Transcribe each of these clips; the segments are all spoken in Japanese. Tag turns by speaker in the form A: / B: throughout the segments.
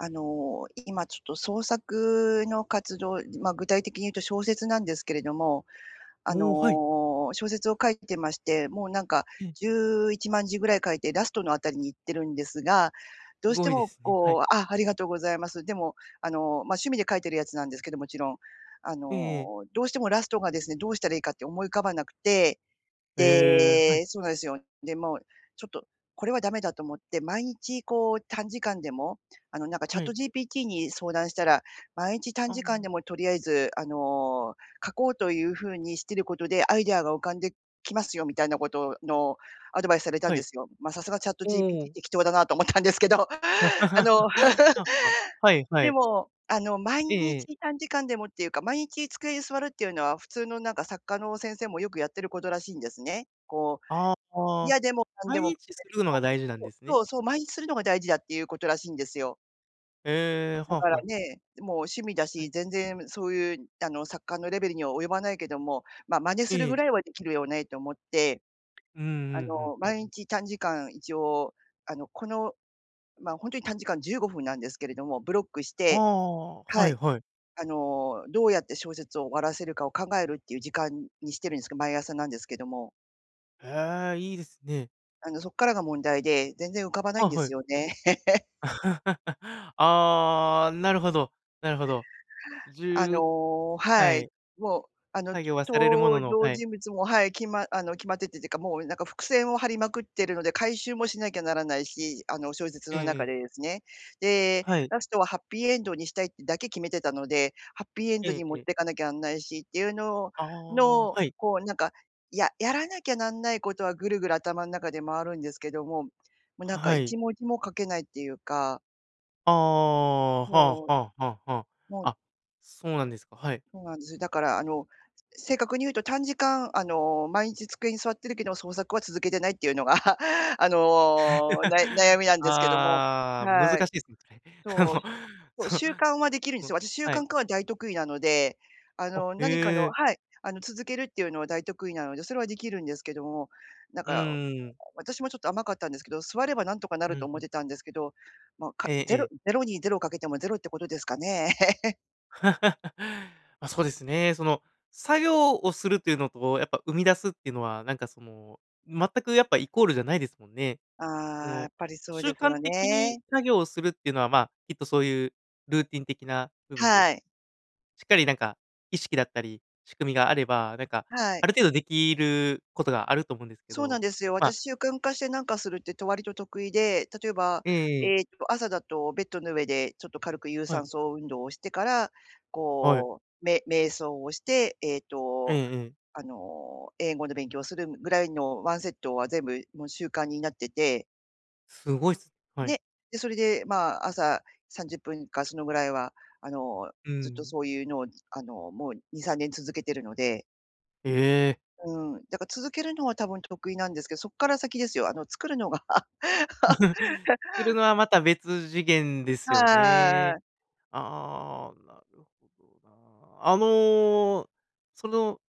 A: あの、今ちょっと創作の活動、まあ、具体的にいうと小説なんですけれども。あ
B: おお、はい。
A: の、小説を書いてまして、もうなんか
B: ええ。
A: 11万字ぐらい書いて、ラストのあたりに行ってるんですが、どう
B: す
A: して
B: ごいで
A: も
B: すね。はい。
A: こうあ、ありがとうございます。でも、あの、ま、趣味で書いてるやつなんですけど、もちろん。あ
B: ええええ。
A: の、どうしてもラストがですね、どうしたらいいかって思い浮かばなくて。
B: ええ、はい。
A: でそうなんすよ。で、もうちょっとこれはダメだと思って、毎日こう、短時間でも、あの、なんかチャッ
B: は
A: ト
B: い。
A: GPT に相談したら、まいんち短
B: あ
A: 時間
B: あ。
A: でもとりあえず、あの、書こうという風にしてることで、アイデアが浮かんできますよみたいなことをのアドバイスされたん
B: は
A: で
B: い。
A: すよ。ま、さすがチャット
B: おお、
A: GPT
B: お。
A: 適当だなと思ったんですけど。あの、
B: はは、は いは
A: で
B: い。
A: も、あの、毎
B: ええええ。
A: 日短時間でもっていうか、毎日机に座るっていうのは、普通のなんか作家の先生もよくやってることらしいんですね。こう、
B: ああ、ぷあ。
A: 嫌でもなん
B: 毎
A: でも、な
B: 日す
A: り
B: るの
A: こ
B: が大事なん
A: う、そ
B: で
A: う、
B: すね。
A: そうそう、毎日するのが大事だっていうことらしいんですよ。
B: ええ、
A: だ
B: は
A: から
B: は。
A: ね、もう趣味だ
B: は
A: し、
B: い。
A: 全然そういう、あの、作家のレベルには及ばないけども、ま、真似する
B: え
A: ぐ
B: え。
A: らいはできるよねと思って。
B: うんう
A: あ
B: んうん。
A: の、毎日短時間、一応、あの、この、ま、ほんとに短時間、15分なんですけれども、ブロックし
B: あ
A: て
B: あ、
A: は
B: はい
A: い。
B: はい。
A: あの、どうやって小説を終わらせるかを考えるっていう時間にしてるんすけど、毎朝なんですけども。
B: へえ、いいですね。
A: あの、そっからが問題で、全然浮かばないん
B: あ、
A: で
B: は
A: す
B: い。
A: よね。
B: ああ、なるほど。なるほど。じ
A: あ
B: ゅう
A: のは
B: は
A: い、
B: い。
A: もう、あの、
B: 作業はされるもの
A: 登
B: の
A: 場
B: はい。
A: 人物も、はい、きまあの、決まっててっていうか、もう、なんか、伏線を張りまくってるので回収もしなきゃならないし、あの、小説
B: うん
A: の
B: う
A: 中
B: ん。
A: でですね。で、
B: はい。
A: ラストはハッピーエンドにしたいってだけ決めてたので、ハッピーエンド
B: え
A: に持っ
B: え。
A: てかなきゃあんないしっていうのを
B: ああ、
A: の、
B: はい。
A: こうなんか、ややらなきゃなんないことは、ぐるぐる頭の中で回るんですけども、も、なんか、
B: は
A: い
B: い。
A: ちもじも書けないっていうか。
B: ああ、は
A: もう。
B: あはあはあは
A: も。
B: あ。あ、そうなんですか、はい。
A: そうなんですよ。だから、あの、正確に言うと短時間、あの、毎日机に座ってるけど、創作は続けてないっていうのが、あの、な悩 みなんですけども。
B: ああ、難し
A: は
B: い
A: い。
B: ですね。
A: そう。
B: も、
A: そ、
B: そ
A: 習慣はできるんで
B: う
A: す
B: ん、
A: よ。私、習
B: はい。
A: 慣化は大得意なので。あ
B: あ、
A: の、なにか
B: へ
A: の
B: え。
A: はい、あの、続けるっていうのは大得意なので、それはできるんですけども。なん
B: う
A: か、
B: ーん。
A: 私もちょっと甘かったんですけど、座ればなんとかなる
B: う
A: と
B: ん
A: 思
B: う
A: って
B: ん。
A: たんですけど、ま、か、
B: え
A: 0-
B: え。
A: ０に０かけても０ってことですかね。
B: ま、そうですね、その、作業をするっていうのと、やっぱ生み出すっていうのは、なんかその、全くやっぱイコールじゃないですもんね。そ
A: ああ、やっ
B: の、
A: ぱりそう
B: 習
A: です
B: 慣
A: よ
B: 的に
A: ね。
B: 作業をするっていうのは、まあ、きっとそういうルーティン的な部分で、
A: はい。
B: しっかりなんか、意識だったり仕組みがあれば、なんか、
A: はい。
B: ある程度できることがあると思うんですけ
A: そうな
B: ど。
A: んですよ。
B: まあ
A: 私、習慣化してなんかするって、と割と得意で、例えば、
B: えええ
A: え
B: え。
A: えっと、朝だとベッドの上でちょっと軽く有
B: はい。
A: 酸素運動をしてから、
B: はい。
A: こう、め瞑想をして、えっ
B: ええ
A: と、
B: ええ。
A: あの、英語の勉強をするぐらいのワンセットは全部もう習慣になってて
B: すごいすはい。
A: ね、でそれで、まあ、朝30分かそのぐらいは、あの、
B: う
A: ずっと
B: ん。
A: そういうのを、あの、もう2、3年続けてるので
B: ええ。
A: うん。だから続けるのは多分得意なんですけど、そっから先ですよ、あの作るのが
B: 作る のはまた別次元ですよね。
A: はい。
B: ああ、なるほどな。あの、その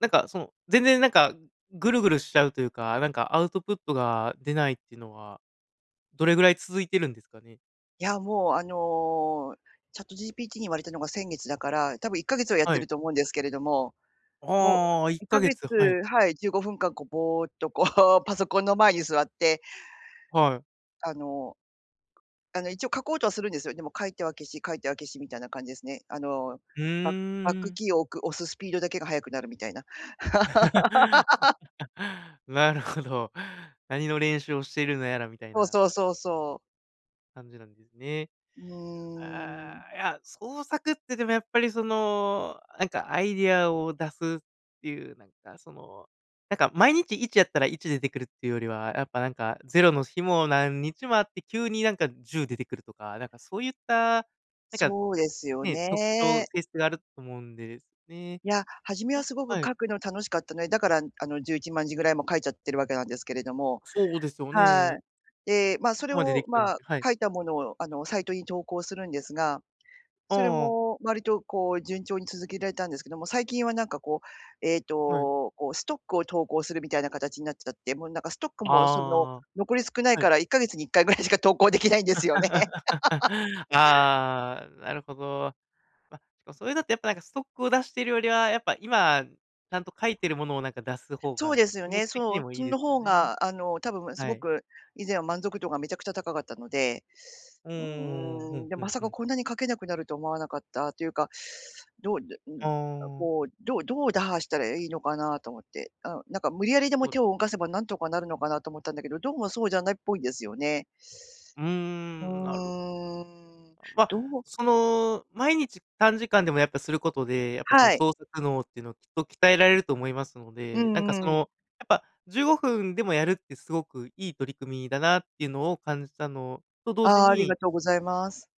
B: なんかその、全然なんか、ぐるぐるしちゃうというか、なんかアウトプットが出ないってのはどれぐらい続いてるんですかね？
A: いや、もう、あの、ChatGPT に言われたのが先月だから、多分1ヶ月はやっ
B: は
A: て
B: い。
A: ると思うんですけれども、もう
B: ああ、いっ
A: いっか
B: か
A: げ
B: げ
A: つ
B: つ、はい。
A: はい、15分間、こう、ぼおっと、こう、パソコンの前に座って、
B: はい。
A: あの、あの、一応書こうとはするんですよ。でも書いては消し、書いては消しみたいな感じですね。あの、
B: う
A: ババッ
B: ー
A: ク
B: ん。
A: キーを置く、押すスピードだけが速くなるみたいな。
B: なるほど。何の練習をしているのやらみたい
A: そう
B: な
A: そうそうそう。
B: 感じなんですね。
A: うーん。
B: ああ、いや、創作って、でも、やっぱり、その、なんか、アイデアを出すっていう、なんか、その、なんか、毎日1やったら1出てくるっていうよりは、やっぱ、なんか、0の日も何日もあって、急になんか、10出てくるとか、なんかそういった、なんか、
A: そうですよ
B: ね、特徴、
A: ね。
B: 性質があると思うんですね。
A: いや、初め
B: あ、
A: はすごく
B: はい。
A: 書くの楽しかったね、だから、あの、11万字ぐらいも書いちゃってる訳なんですけれども
B: そうですよ
A: はい。
B: ね。
A: で、ま、
B: こ
A: それ
B: こまで出
A: を、
B: 来たの
A: ま、
B: ではい。
A: 書いたものを、あの、サイトに投稿するんですが、それ
B: ああ。
A: も割と、こう、順調に続けられたんですけども、最近はなんか、こう、えっ
B: はい。
A: と、こう、ストックを投稿するみたいな形になっちゃって、もう、なんか、ストックも、その、
B: ああ、
A: 残り少ない
B: は
A: か
B: い。
A: ら1ヶ月に1回ぐらいしか投稿出来ないんですよね。
B: ああ、なるほど。ま、それだとやっぱ、なんか、ストックを出してるよりは、やっぱ、今、ちゃんと書いているものを、なんか、出す方
A: そう
B: が
A: ですよ
B: 気持ち
A: ね、
B: 的に
A: そう。
B: もい
A: そ
B: いで
A: の
B: すよ
A: 方
B: ね。
A: が、あの、多分、す
B: は
A: ご
B: い。
A: く、以前は満足度がめちゃくちゃ高かったので。
B: うー
A: う
B: ん、う
A: ーん。
B: ん
A: でも
B: う
A: ま
B: ん
A: さ
B: う
A: か
B: ん。
A: こんなに書けなくなると思わなかった、というか、どうでう
B: あ
A: ん、あ、
B: あ。
A: こう、どうどう打破したらいいのかなと思って。うん。なんか無理やりでも
B: お
A: 手を動かせば何とかなるのかなと思ったんだけど、どうもそうじゃないっぽいんですよね。
B: うー
A: う
B: ん、なる
A: ーん。
B: ま、
A: どう
B: その、毎日短時間でもやっぱすることで、やっぱ、その
A: はい。
B: 創作脳っていうのはきっと鍛えられると思いますの
A: う
B: で、なん
A: ん
B: か、
A: う
B: そ
A: ん。
B: の、やっぱ15分でもやるってすごくいい取り組みだなっていうのを感じたのと同時
A: あありが
B: に
A: とうございます。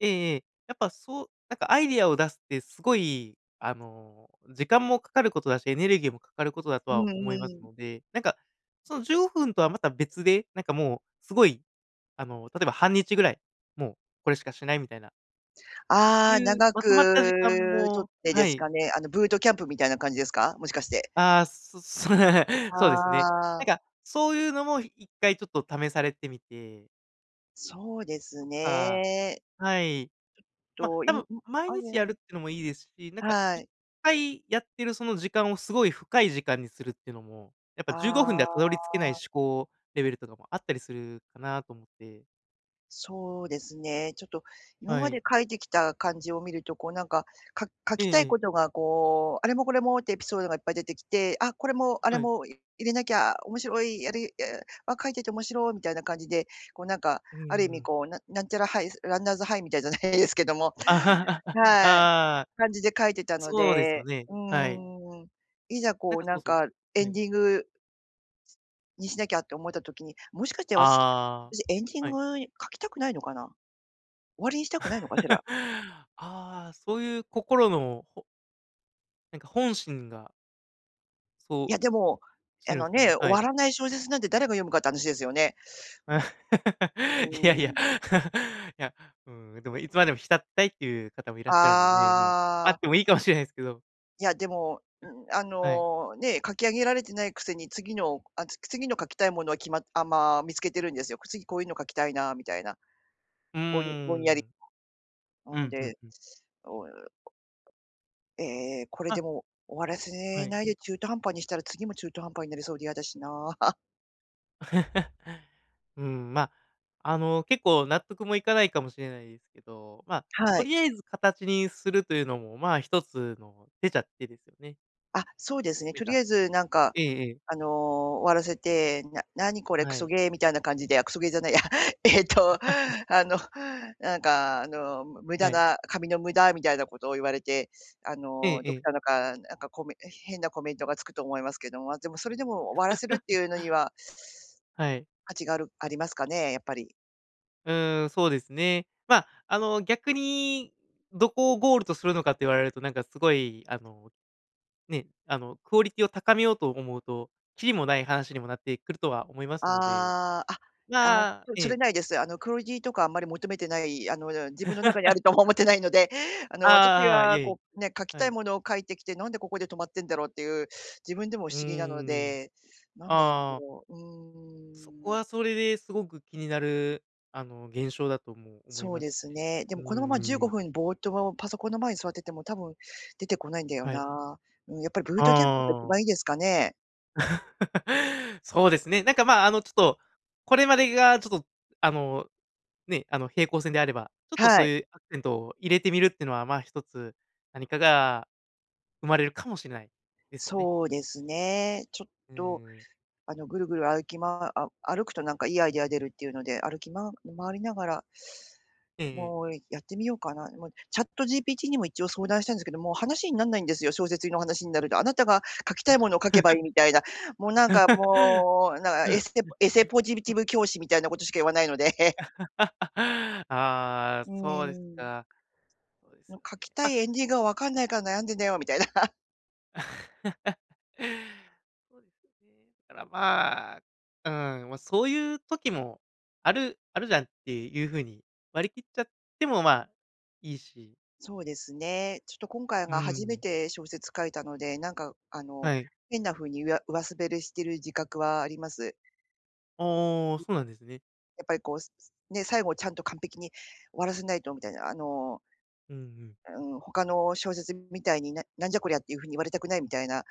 B: ええええ、やっぱそうなんかアイディアを出すってすごい、あの、時間もかかることだし、エネルギーもかかることだと
A: う
B: は
A: ん
B: 思います
A: うん。
B: ので、なんか、その15分とはまた別で、なんか、もう、すごい、あの、例えば半日ぐらい、もうこれしかしないみたいない
A: ああ、
B: う、
A: 長
B: ま
A: く
B: とまった時間
A: 取
B: も
A: ってで
B: は
A: す
B: い。
A: かね、あの、ブートキャンプみたいな感じですか？もしかして。
B: ああ、そっそね。そうですね。
A: あ
B: なん
A: あ。
B: か、そういうのもい1回ちょっと試されてみて。
A: そうです
B: そっか。
A: ね。
B: はい。
A: ち
B: ま、
A: ょっと
B: 多
A: いんん、
B: 分、毎
A: あれ
B: 日やるってのもいいですし、なんか
A: は
B: いっ
A: い。
B: かいやってるその時間をすごい深い時間にするっていうのも、やっぱ
A: あ
B: 15分ではたど
A: あ。
B: り着けない思考レベルとかもあったりするかなと思って。
A: そうですね、ちょっと、今
B: は
A: まで
B: い。
A: 書いてきた感じを見ると、こう、なんか、か書
B: え
A: きたい
B: え。
A: ことがこう、あれもこれもってエピソードがいっぱい出てきて、あ、これも、あれ
B: はい。
A: も、い入れなきゃ面白い、やりいあ、あ、書いてておもしろみたいな感じで、こう、なんか、
B: うー
A: ある意味
B: ん。
A: こう、ななんちゃらハイスランナーズハイみたいじゃないですけども
B: あ
A: はい、
B: あ、
A: 感じで書いてたの
B: そうですよ
A: で、
B: ね、
A: う
B: はい。
A: ーん、いざ、
B: な
A: こ
B: ん
A: う、
B: か、
A: な
B: そう
A: ん
B: そ
A: か、
B: う。
A: エ
B: は
A: ン
B: い。
A: ディングにしなきゃって思えた時に、もしかして私
B: あ
A: 私エンディン
B: あ、はい。
A: グ書きたくないのかな。終わりにしたくないのかしら。
B: ああ、そういう心のほなんか、本心が
A: い
B: そう
A: や、でも、
B: して
A: あ
B: るん
A: の
B: すかね、
A: ね、終
B: はい。
A: わらない小説なんて、誰が読むかって話ですよね。う
B: いやいや、
A: ん。うーん。
B: いや、うん、でも、いつまでも浸ってたいっていう方もいらっしゃるんでね、まあ、あ
A: あ
B: っ
A: あ。
B: てもいいかもしれないですけど。
A: いや、でも、うん、あ
B: はい。
A: のね、書き上げられてないくせに、次のあ、つ次の書きたいものは決まあ、まあ、見つけてるんですよ。次、こういうの書きたいなみたいな。
B: うー
A: ぼいんぼんやり。
B: ん。うん
A: うん、
B: う
A: で。
B: んうん。
A: ええ、これ
B: あ。
A: でも、終わらせ
B: はい。
A: ないで中途半端にしたら、次も中途半端になりそうで嫌だしな。
B: うーん、まあ、あの、結構、納得もいかないかもしれないですけど、まあ、
A: は
B: と
A: い。
B: りあえず形にするというのも、まあ、1つの手ちゃ、手ですよね。
A: あ、そうですね。と
B: ね
A: りあ
B: か、
A: えず、なんか、
B: ええええ。
A: あの、終わらせて、「な何これ、ク
B: は
A: ソ
B: い。
A: ゲー」みたいな感じで、あ、クソゲーじゃないや、えっと、あの、なんかあの、無駄
B: はい。
A: な紙の無駄みたいなことを言われて、あ
B: ええ
A: の、どっ
B: ええ。
A: かのか、なんかコメへ変なコメントがつくと思いますけども、まあでも、それでも終わらせるって いうのには
B: はい。
A: 価値があるありますかね？やっぱり。
B: うーん、そうですね。ま、あの、逆にどこをゴールとするのかって言われると、なんか、すごい、あの、ね、あの、クオリティを高めようと思うと、きりもない話にもなってくるとは思いますので、
A: ああ、あ、あ、
B: まあ
A: でも、
B: え
A: それ
B: え。
A: ないです。あの、クオリティとかあんまり求めてない、あの、自分の中にあるとも思っ てないので、あ
B: あ
A: の、私
B: あああ、い
A: が
B: え
A: こ
B: い
A: うね、書き
B: え、は
A: たい
B: い。
A: ものを書いてきて、「なんで、ここで止まってんだろう？」っていう、自分でも不
B: うー
A: 思議なの
B: ん。
A: で、なんでなんだ
B: ああ。
A: ろう。う
B: そこ
A: ーん。
B: はそれですごく気になる、あの、現象だとも思い
A: そう
B: ま
A: で
B: す
A: す
B: し、
A: ね。で
B: う
A: も、このままじゅうご
B: ーん。
A: ふんぼーっとパソコンの前に座ってても多分出てこないんだよ
B: はい。
A: な。うん、やっぱりブートキャンプが一
B: ああ。
A: 番いいですかね？
B: そうですね。なんか、ま、あの、ちょっと、これまでがちょっと、あの、ね、あの、平行線であれば、ちょっと、
A: は
B: そう
A: い。
B: いうアクセントを入れてみるってのは、まあ、一つ何かが生まれるかもしれない、ですよね。
A: そうですね。ちょっ
B: うー
A: と、
B: ん。
A: あの、ぐるぐる歩きまあ、歩くと何かいいアイディア出るっていうので、歩きま回りながら
B: ええええ。
A: もう、やってみようかな。もう、ChatGPT にも一応相談したんですけど、もう、話になんないんですよ、小説の話になると。「あなたが書きたいものを書けばいい」みたいな。もう、なんか、もう、なんか、えすて似非ポジティ ブ教師みたいなことしか言わないので。
B: ああ、
A: うー
B: そうです
A: ん。
B: か。そうです
A: もう、
B: よね、
A: 「書きた
B: ま
A: いエンディングが分かんないから悩んでんだよ」みたいな。
B: そうですよね。ただ、ま、うん、ま、そういう時もある、あるじゃんっていう風に割り切っちゃっても、ま、いいし。
A: そうですね。ちょっと今回
B: うー
A: が初め
B: ん。
A: て小説書いたので、なんか、あの、
B: はい。
A: 変な風にいわ上滑れしてる自覚はあります。
B: ああ、そうなんですね。
A: やっぱりこう、ね、最後ちゃんと完璧に終わらせないとみたいな。あの
B: うんうん。
A: うーん、他の小説みたいに、ななんじゃこりゃっていう風に言われたくないみたいな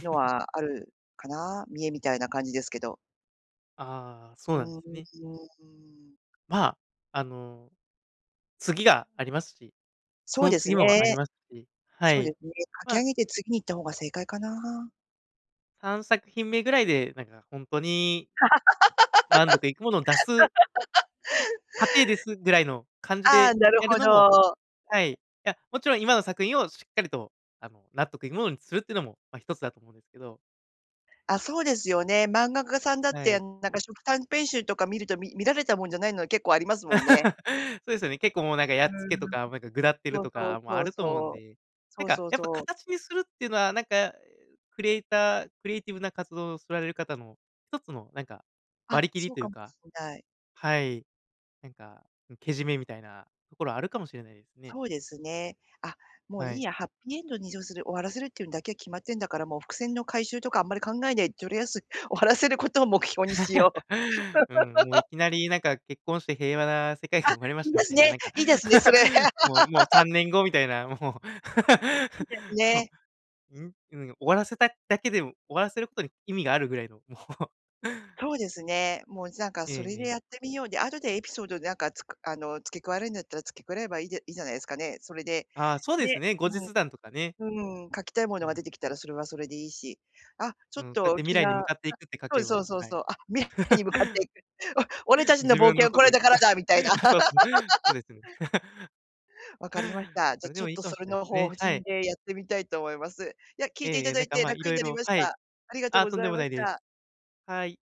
A: の はあるかな。見栄みたいな感じですけど。
B: ああ、
A: う
B: そうなんで
A: ー
B: す
A: ん、う
B: ね。
A: ーん。
B: ま、あの、次がありますし、そ
A: そう
B: の
A: です
B: 次
A: ね。
B: もありますし、は
A: そうで
B: い。
A: すね、書き上
B: ま
A: げて次に行った方が正解かな。
B: 三作品目ぐらいで、なんか本当に満足いくものを出す過程ですぐらいの 感じ
A: ああ、
B: で
A: なる
B: やる
A: ほ
B: のも
A: ど。
B: はい、いや、もちろん今の作品をしっかりと、あの、納得いくものにするっていうのも、ま、一つだと思うんですけど。
A: あ、そうですよね。漫画家さんだっ
B: は
A: て、
B: い。
A: ん、なんか、初期短編集とか見ると、み見られたもんじゃないのは結構ありますもんね。
B: そうですよね。結構、もう、なんか、や
A: う
B: っつけと
A: ーん、
B: か、なんか、ぐだってる
A: そう
B: と
A: そう
B: かも
A: そ
B: あ
A: う
B: ると思うん
A: そう。
B: で、な
A: そ
B: ん
A: う
B: か、
A: そう
B: やっぱ
A: そう。
B: 形にするっていうのは、なんか、クリエイター、クリエイティブな活動をされる方の1つの、なんか、
A: あ、
B: 割り切り
A: そう
B: とい
A: か
B: う
A: も
B: か、
A: しんない。
B: はい、なんか、けじめみたいなところあるかもしれないですね。
A: そうですね。あ、もう、
B: は
A: いい
B: い。
A: や、ハッピーエンドに移譲する、終わらせるっていうんだけは決まってんだから、もう、伏線の回収とかあんまり考えない、とりあえず、終わらせることを目標にしよう。
B: うん、もう、いきなり、なんか、結婚して平和な世界が
A: あ、
B: 生まれま
A: い
B: し
A: い
B: た
A: で
B: み
A: す
B: たいな、
A: ね、
B: なんか、
A: いいですね、それ。
B: もうもうさ んねんごみたいな、もう。
A: いいです ね。
B: うん、終わらせただけでも、終わらせることに意味があるぐらいの、もう。
A: そうですね。もう、じゃんか、
B: え
A: そ
B: え
A: れ
B: え
A: で
B: え。
A: やってみよう。で、後でエピソードで何か、つくあの、付け加えるんだったら付け加えればいいいいじゃないすかね。それで、
B: ああ、そうです
A: ね、
B: ね、後日談とかね。
A: うん。うーん、書きたいも
B: う
A: のが出
B: ん。
A: てきたらそれはそれでいいし。あ、ちょ
B: う
A: っ
B: ん、そうやっ
A: と、
B: て未
A: 気
B: 来に向
A: が、
B: かっていくって書
A: そう
B: け
A: そう
B: ば、
A: そう
B: はい。
A: そう、あ、メッカに向かっていく。お俺た ちの
B: 自
A: 冒
B: 分
A: 険
B: の
A: は
B: こ
A: こ
B: と。
A: れだからだみたいな。
B: あ、そうす、そう ですね。
A: 分かりました。じ
B: そ
A: ゃ、
B: れで
A: ちょ
B: も
A: っ
B: いい
A: と、
B: かも
A: そ
B: し
A: れ
B: んない
A: の
B: す
A: 方
B: ね。は
A: 針
B: い。
A: でやってみたいと思います。いや、聞い
B: え
A: てい
B: ええ
A: た
B: え。
A: だ
B: なん
A: い
B: か、
A: て
B: ま、
A: 楽
B: 色
A: になり
B: 々、
A: まし
B: はい。
A: た。ありがとう
B: あ、
A: ご
B: とん
A: ざ
B: で
A: い
B: も
A: ま
B: な
A: し
B: いです。
A: た。
B: はい。